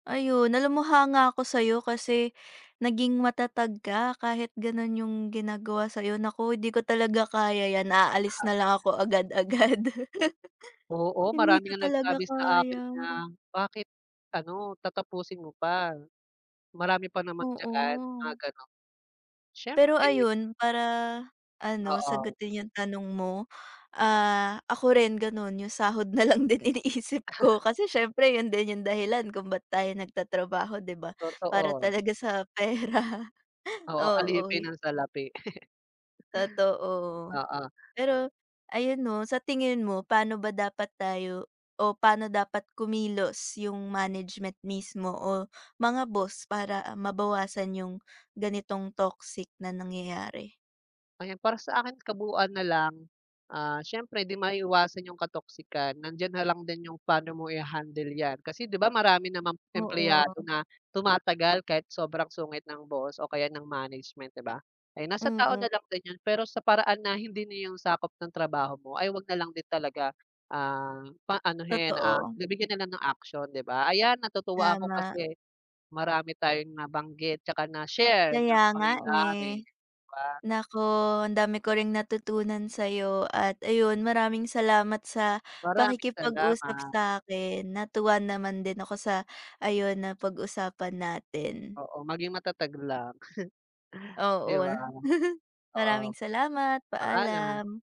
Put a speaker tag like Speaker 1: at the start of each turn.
Speaker 1: Ayun, alam mo hanga ako sa'yo kasi naging matatag ka kahit ganun yung ginagawa sa'yo. Naku, 'di ko talaga kaya 'yan aalis
Speaker 2: Tama.
Speaker 1: na lang ako agad-agad.
Speaker 2: M oo,
Speaker 1: Hindi
Speaker 2: marami
Speaker 1: ko
Speaker 2: ngang
Speaker 1: talaga
Speaker 2: nagsabi sa akin
Speaker 1: kaya.
Speaker 2: na, "Bakit ano, tatapusin mo pa. Marami pa naman diyan,"
Speaker 1: Oo.
Speaker 2: mga ganun.
Speaker 1: Pero
Speaker 2: Siyempre
Speaker 1: ayun, para ano,
Speaker 2: Oo.
Speaker 1: sagutin yung tanong mo, ah, ako rin ganun. Yung sahod na lang din iniisip ko kasi siyempre, yun din yung dahilan kung ba't tayo nagtatrabaho, 'di ba, para
Speaker 2: Totoo.
Speaker 1: talaga sa pera.
Speaker 2: Oo,
Speaker 1: Oo.
Speaker 2: alipin ng salapi.
Speaker 1: Totoo.
Speaker 2: Oo.
Speaker 1: Pero ayun 'no, sa tingin mo, pa'no ba dapat tayo o pa'no dapat kumilos yung management mismo o mga boss para mabawasan yung ganitong toxic na nangyayari?
Speaker 2: Ayan, para sa akin kabuuan na lang. Ah, siyempre 'di maiwasan yung katoxican. Nandiyan na lang din yung pa'no mo iha-handle 'yan kasi 'di ba, marami namang empleyado
Speaker 1: Oo.
Speaker 2: na tumatagal kahit sobrang sungit ng boss o kaya ng management, 'di ba? Kaya nasa tao na
Speaker 1: Mm.
Speaker 2: lang din yun, pero sa paraan na hindi na yung sakop ng trabaho mo ay wag na lang din talaga. Ah, pa anuhin, ah,
Speaker 1: Totoo.
Speaker 2: nabigyan na lang ng aksiyon, 'di ba? Ayan, natutuwa ako
Speaker 1: Tama.
Speaker 2: kasi marami tayong nabanggit tsaka na-share na
Speaker 1: Kaya nga,
Speaker 2: pangyayari,
Speaker 1: eh.
Speaker 2: 'di ba?
Speaker 1: Naku, ang dami ko ring natutunan sa'yo at ayun, maraming salamat sa
Speaker 2: Maraming
Speaker 1: pakikipag-usap
Speaker 2: salamat.
Speaker 1: sa'kin. Natuwa naman din ako sa ayun, napag-usapan natin.
Speaker 2: Oo, maging matatag lang. 'Di
Speaker 1: Oo.
Speaker 2: ba.
Speaker 1: Maraming
Speaker 2: Oo.
Speaker 1: salamat,
Speaker 2: Paalam.
Speaker 1: paalam.